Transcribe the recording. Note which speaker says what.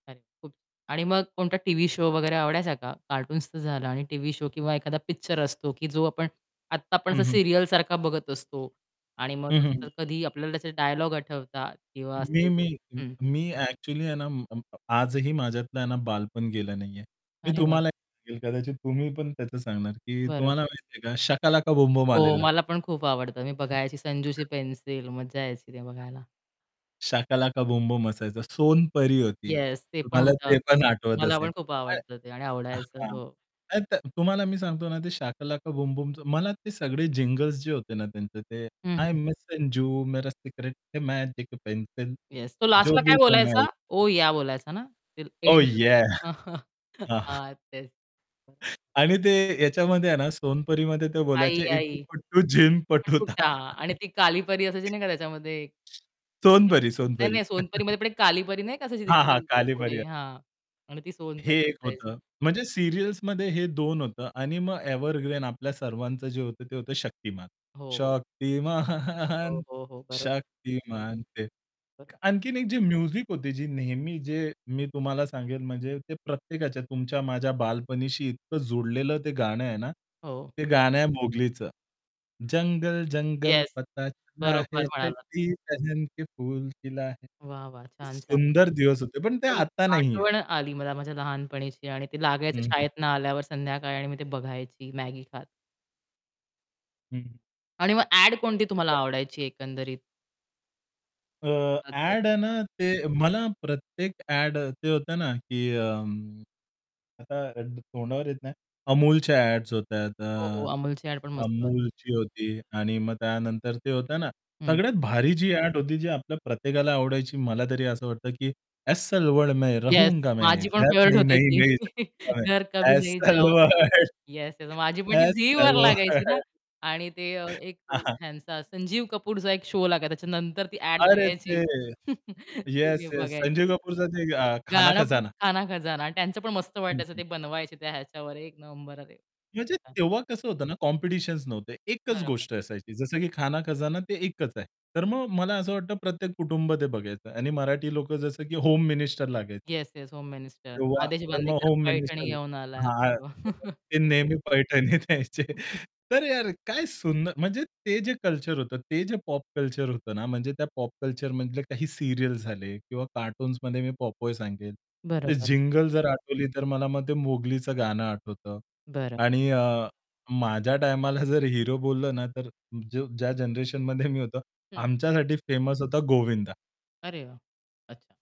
Speaker 1: अरे खूप आणि मग कोणता टीव्ही शो वगैरे आवडायचा का? कार्टून्सचं झालं आणि टीव्ही शो किंवा एखादा पिक्चर असतो की जो आपण आत्ता आपण
Speaker 2: हं,
Speaker 1: असा
Speaker 2: हं.
Speaker 1: सीरियलसारखा बघत असतो. आणि मग
Speaker 2: हं, हं,
Speaker 1: तसं
Speaker 2: हं.
Speaker 1: तर कधी आपल्याला त्याचे डायलॉग आठवतात किंवा
Speaker 2: मी
Speaker 1: असं [unintelligible]
Speaker 2: मी
Speaker 1: हं.
Speaker 2: मी ॲक्चुअली आहे ना, म-म आजही माझ्यातलं ना बालपण गेलं नाहीये. मी
Speaker 1: अरे वाह!
Speaker 2: तुम्हाला सांगेल कदाचित तुम्ही पण त्याचं सांगणार की
Speaker 1: बरं.
Speaker 2: तुम्हाला माहिती आहे का शकालाका बुमबुम
Speaker 1: हो,
Speaker 2: आलेलं.
Speaker 1: मला पण खूप आवडतं मी बघायची संजूशी पेन्सिल मज्जा यायची ते बघायला.
Speaker 2: शकालाका बुमबुम असायचा, सोनपरी होती
Speaker 1: येस ते पण
Speaker 2: तुम्हाला
Speaker 1: होतं.
Speaker 2: ते पण आठवत
Speaker 1: मला
Speaker 2: असेल.
Speaker 1: पण खूप
Speaker 2: हां,
Speaker 1: आवडतं ते आणि आवडायचं.
Speaker 2: हां
Speaker 1: हो.
Speaker 2: [unintelligible] त तुम्हाला मी सांगतो ना ते शकालाका बुमबुम मला ते सगळे जिंगल्स जे होते ना त्यांचे
Speaker 1: हं,
Speaker 2: हाय
Speaker 1: हं.
Speaker 2: मेसेन्जू मेरा सिक्रेट है मॅजिक पेन्सिल
Speaker 1: येस तो
Speaker 2: जो
Speaker 1: लास्टला
Speaker 2: भी
Speaker 1: काय बोलायचा?
Speaker 2: बनवाये.
Speaker 1: ओ या! बोलायचा ना?
Speaker 2: ओह! याह!
Speaker 1: [unintelligible]
Speaker 2: हां.
Speaker 1: हां तेच. [unintelligible]
Speaker 2: आणि ते याच्यामध्ये आहे ना सोनपरीमध्ये ते
Speaker 1: आई,
Speaker 2: बोलायचे इटू
Speaker 1: आई!
Speaker 2: पिट्टू जिनपटुता.
Speaker 1: तुटा आणि ती काली परी असायची नाही का त्याच्यामध्ये [unintelligible]
Speaker 2: सोनपरी, सोनपरी.
Speaker 1: नाही-नाही सोनपरीमध्ये पण एक कालीपरी नाही का असायची
Speaker 2: हां, हां.
Speaker 1: त्याच्यानंतर
Speaker 2: कालीपरी
Speaker 1: पुढे
Speaker 2: [unintelligible]
Speaker 1: हां. आणि ती
Speaker 2: हे
Speaker 1: सोनपरी
Speaker 2: एक
Speaker 1: असायची.
Speaker 2: होतं. म्हणजे सीरियल्समध्ये हे 2 होतं आणि मग एव्हरग्रीन आपल्या सर्वांचं जे होतं ते होतं शक्तिमान,
Speaker 1: हो, हो.
Speaker 2: शक्तिमान
Speaker 1: हो, हो, हो. बरोबर.
Speaker 2: शक्तिमान ते
Speaker 1: बरोबर.
Speaker 2: आणखीन एक जी म्युझिक होती जी नेहमी जे मी तुम्हाला सांगेल म्हणजे ते प्रत्येकाच्या तुमच्या माझ्या बालपणीशी इतकं जुडलेलं ते गाणं आहे ना,
Speaker 1: हो.
Speaker 2: ते गाणं आहे मोगलीचं. जंगल, जंगल.
Speaker 1: येस.
Speaker 2: पता चला
Speaker 1: बरोबर,
Speaker 2: है
Speaker 1: म्हणाला.
Speaker 2: चड्डी पेहेन के फूल खिला है.
Speaker 1: वाह, वाह! छान, छान.
Speaker 2: सुंदर दिवस होते पण ते
Speaker 1: एकदम
Speaker 2: आता नाहीहेत.
Speaker 1: आठवण आली मला माझ्या लहानपणीची आणि ते लागायचं
Speaker 2: हं, हं.
Speaker 1: शाळेतून आल्यावर संध्याकाळी आणि मी ते बघायची मॅगी खात.
Speaker 2: हं.
Speaker 1: आणि मग ॲड कोणती तुम्हाला
Speaker 2: [unintelligible]
Speaker 1: आवडायची एकंदरीत?
Speaker 2: अ,
Speaker 1: [unintelligible]
Speaker 2: अ‍ॅड आहे ना, ते मला प्रत्येक अ‍ॅड ते होतं ना की अं, अ, आता तोंडावर येत नाही. अमूलच्या अ‍ॅड्स होत्या
Speaker 1: हो, हो
Speaker 2: अ,
Speaker 1: अमूलची ॲड पण मस्त होती.
Speaker 2: अमूलची होती आणि मग त्यानंतर ते होत ना
Speaker 1: हं.
Speaker 2: सगळ्यात भारी जी अ‍ॅड होती जी आपल्या प्रत्येकाला आवडायची मला तरी असं वाटतं की एस्सल वर्ल्ड में
Speaker 1: येस,
Speaker 2: रहूंगा मैं
Speaker 1: माझी पण
Speaker 2: घर
Speaker 1: फेव्हराइट
Speaker 2: नही
Speaker 1: होती ती.
Speaker 2: नही जाउंगा मै
Speaker 1: घर कभी नहीं
Speaker 2: एस्सल
Speaker 1: जाऊंगा
Speaker 2: वर्ल्ड,
Speaker 1: येस माझी पण
Speaker 2: एस्सल वर्ल्ड,
Speaker 1: ती झीवर
Speaker 2: एस्सल वर्ल्ड
Speaker 1: लागायची ना आणि ते एक
Speaker 2: हां, हां.
Speaker 1: हेंचा संजीव कपूरचा एक शो लागायचा त्याच्यानंतर ती ॲड
Speaker 2: अरे,
Speaker 1: यायची
Speaker 2: ते
Speaker 1: ती
Speaker 2: येस, येस संजीव
Speaker 1: बघायची.
Speaker 2: कपूरचा ते अ, खाना
Speaker 1: गाणं पण
Speaker 2: खजाना.
Speaker 1: खाना खजाना त्यांचं पण मस्त
Speaker 2: हं,
Speaker 1: वाटायचं
Speaker 2: हं.
Speaker 1: ते बनवायचे त्या ह्याच्यावर एक नंबर आहे ते.
Speaker 2: म्हणजे
Speaker 1: [unintelligible]
Speaker 2: तेव्हा कसं होतं ना कॉम्पिटिशन्स नव्हते. एकच
Speaker 1: बरोबर.
Speaker 2: गोष्ट असायची. जसं की खाना खजाना ते एकच आहे. तर मग
Speaker 1: बरं.
Speaker 2: मला असं वाटतं प्रत्येक कुटुंब ते बघायचं आणि मराठी लोकं जसं की होम मिनिस्टर लागायचे.
Speaker 1: Yes, yes. होम मिनिस्टर
Speaker 2: किंवा
Speaker 1: आदेश
Speaker 2: तर मग
Speaker 1: बांदेकर
Speaker 2: होम
Speaker 1: पैठणी
Speaker 2: मिनिस्टर.
Speaker 1: घेऊन आला.
Speaker 2: हां. [unintelligible] ते नेहमी पैठणीत यायचे तर यार काय सुंदर म्हणजे ते जे कल्चर होतं ते जे पॉप कल्चर होतं ना म्हणजे त्या पॉप कल्चरमधले काही सीरियल्स झाले किंवा कार्टून्समध्ये मी पॉपय सांगेल. ते
Speaker 1: बरोबर.
Speaker 2: जिंगल जर आठवली तर मला मग ते मोगलीचं गाणं आठवतं.
Speaker 1: बरं.
Speaker 2: आणि अ, माझ्या टायमाला जर हिरो बोललं ना, तर ज्या जनरेशनमध्ये मी होतो
Speaker 1: हं.
Speaker 2: आमच्यासाठी फेमस होता गोविंदा.
Speaker 1: अरे वाह! अच्छा.